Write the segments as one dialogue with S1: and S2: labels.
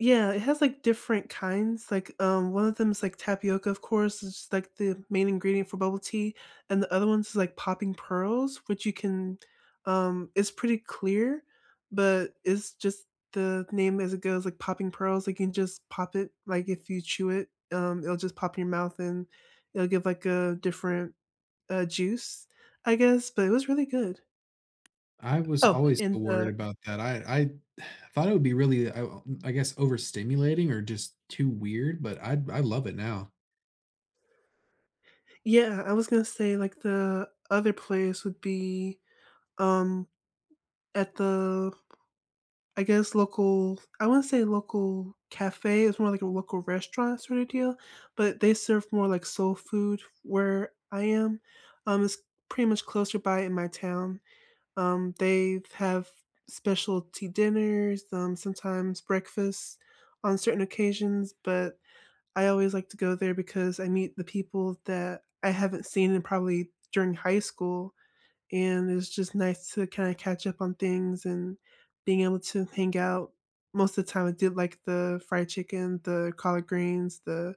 S1: Yeah, it has, like, different kinds. Like, um, one of them is, like, tapioca, of course. It's, like, the main ingredient for bubble tea, and the other one's, like, popping pearls, which you can um, is pretty clear, but it's just the name as it goes, like popping pearls. You can just pop it, like, if you chew it, um, it'll just pop in your mouth, and it'll give, like, a different, uh, juice, I guess. But it was really good.
S2: I was
S1: Oh,
S2: always, uh,
S1: in
S2: worried
S1: the
S2: about that. I I thought it would be really, uh, o m I guess, overstimulating or just too weird, but I d I love it now.
S1: Yeah, I was gonna say, like, the other place would be, um, at the, I guess, local I wanna say local cafe. It's more like a local restaurant sorta deal, but they serve more, like, soul food where I am. Um, it's pretty much closer by in my town. Um, they have specialty dinners, um, sometimes breakfast on certain occasions, but I always like to go there because I meet the people that I haven't seen in probably during high school, and it's just nice to kinda catch up on things and being able to hang out. Most of the time, I did, like, the fried chicken, the collard greens, the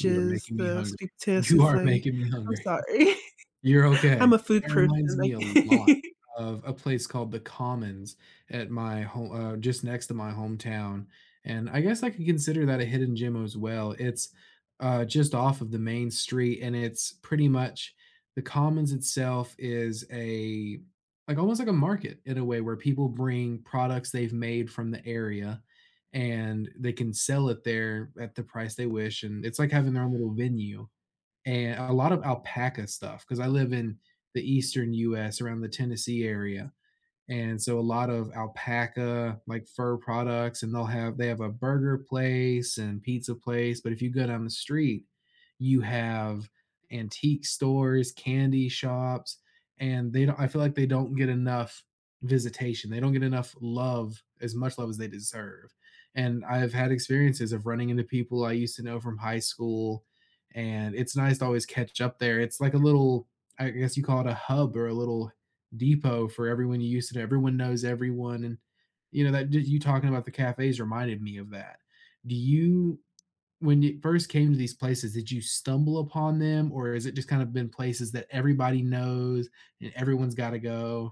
S2: You are making me
S1: the
S2: hungry.
S1: sweet potato
S2: You are
S1: soufflé.
S2: making me
S1: I'm
S2: hungry.
S1: sorry.
S2: You're okay.
S1: I'm a food
S2: That
S1: person,
S2: reminds me a lot
S1: like
S2: of a place called The Commons at my ho uh, just next to my hometown, and I guess I can consider that a hidden gem as well. It's, uh, just off of the main street, and it's pretty much The Commons itself is a like, almost like a market in a way where people bring products they've made from the area, and they can sell it there at the price they wish, and it's like having their own little venue. And a lot of alpaca stuff 'cause I live in the Eastern US around the Tennessee area. And so a lot of alpaca, like, fur products, and they'll have they have a burger place and pizza place, but if you go down the street, you have antique stores, candy shops, and they don't I feel like they don't get enough visitation. They don't get enough love, as much love as they deserve. And I've had experiences of running into people I used to know from high school, and it's nice to always catch up there. It's like a little I guess you call it a hub or a little depot for everyone you used to everyone knows everyone, and, you know, that did you talking about the cafes reminded me of that. Do you when you first came to these places, did you stumble upon them, or is it just kind of been places that everybody knows, and everyone's gotta go?